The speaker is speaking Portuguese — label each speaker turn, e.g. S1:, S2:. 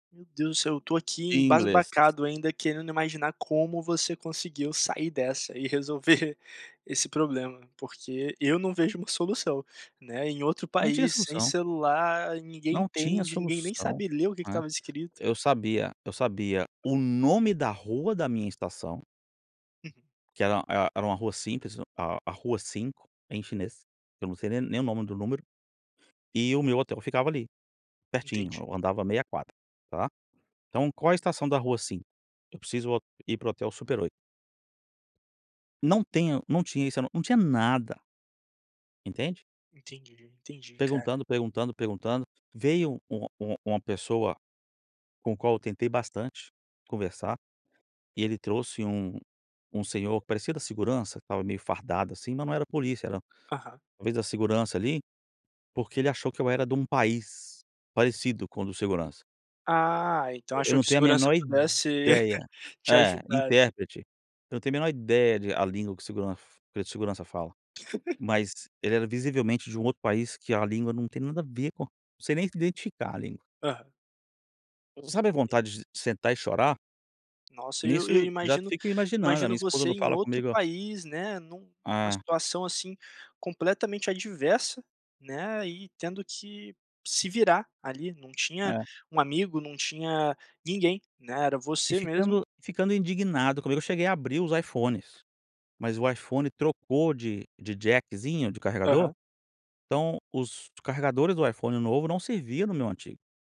S1: Meu Deus do céu, eu tô aqui
S2: Em inglês.
S1: embasbacado ainda querendo imaginar como você conseguiu sair dessa e resolver esse problema, porque eu não vejo uma solução, né, em outro
S2: Não tinha
S1: país, sem
S2: solução.
S1: celular, ninguém
S2: Não tinha
S1: entende, ninguém nem
S2: solução,
S1: sabe ler o que que
S2: né.
S1: estava escrito.
S2: Eu sabia eu sabia o nome da rua da minha estação que era e era uma rua simples, a a rua 5, em chinês, que eu não sei nem nem o nome do número, e o meu hotel ficava ali, pertinho,
S1: Entendi.
S2: eu andava meia quadra, tá. Então qual a estação da rua 5? Eu preciso vol ir para o hotel Super 8. Não tenho não tinha isso, não tinha nada. Entende?
S1: Entendi, entendi, cara.
S2: Perguntando, perguntando, perguntando, veio uma uma uma pessoa, com o qual eu tentei bastante conversar, e ele trouxe um um senhor, parecia da segurança, estava meio fardado, assim, mas não era polícia não.
S1: Aham.
S2: Talvez da segurança ali, porque ele achou que eu era de um país, parecido com o do segurança.
S1: Ah, então
S2: Eu
S1: achou
S2: não
S1: que o
S2: tenho a
S1: segurança
S2: menor
S1: pudesse
S2: ideia.
S1: te
S2: É,
S1: ajudar, né.
S2: intérprete. Eu não tenho a menor ideia de a língua que o seguran que o segurança fala, mas ele era visivelmente de um outro país que a língua não tem nada a ver com não sei nem identificar, a língua.
S1: Aham.
S2: Sabe a vontade de sentar e chorar?
S1: Nossa, e eu e eu
S2: Nisso, já
S1: imagino
S2: fico imaginando, a minha
S1: imagino
S2: esposa
S1: você
S2: não
S1: em
S2: fala
S1: outro
S2: comigo.
S1: país, né, num uma
S2: Ah.
S1: situação assim, completamente adversa, né, e tendo que se virar ali, não tinha
S2: É.
S1: um amigo, não tinha ninguém, né, era
S2: E
S1: você mesmo
S2: ficando ficando indignado comigo, eu cheguei a abrir os iPhones, mas o iPhone trocou de de jackzinho, de carregador,
S1: Aham.
S2: então os carregadores do iPhone novo não servia no meu antigo.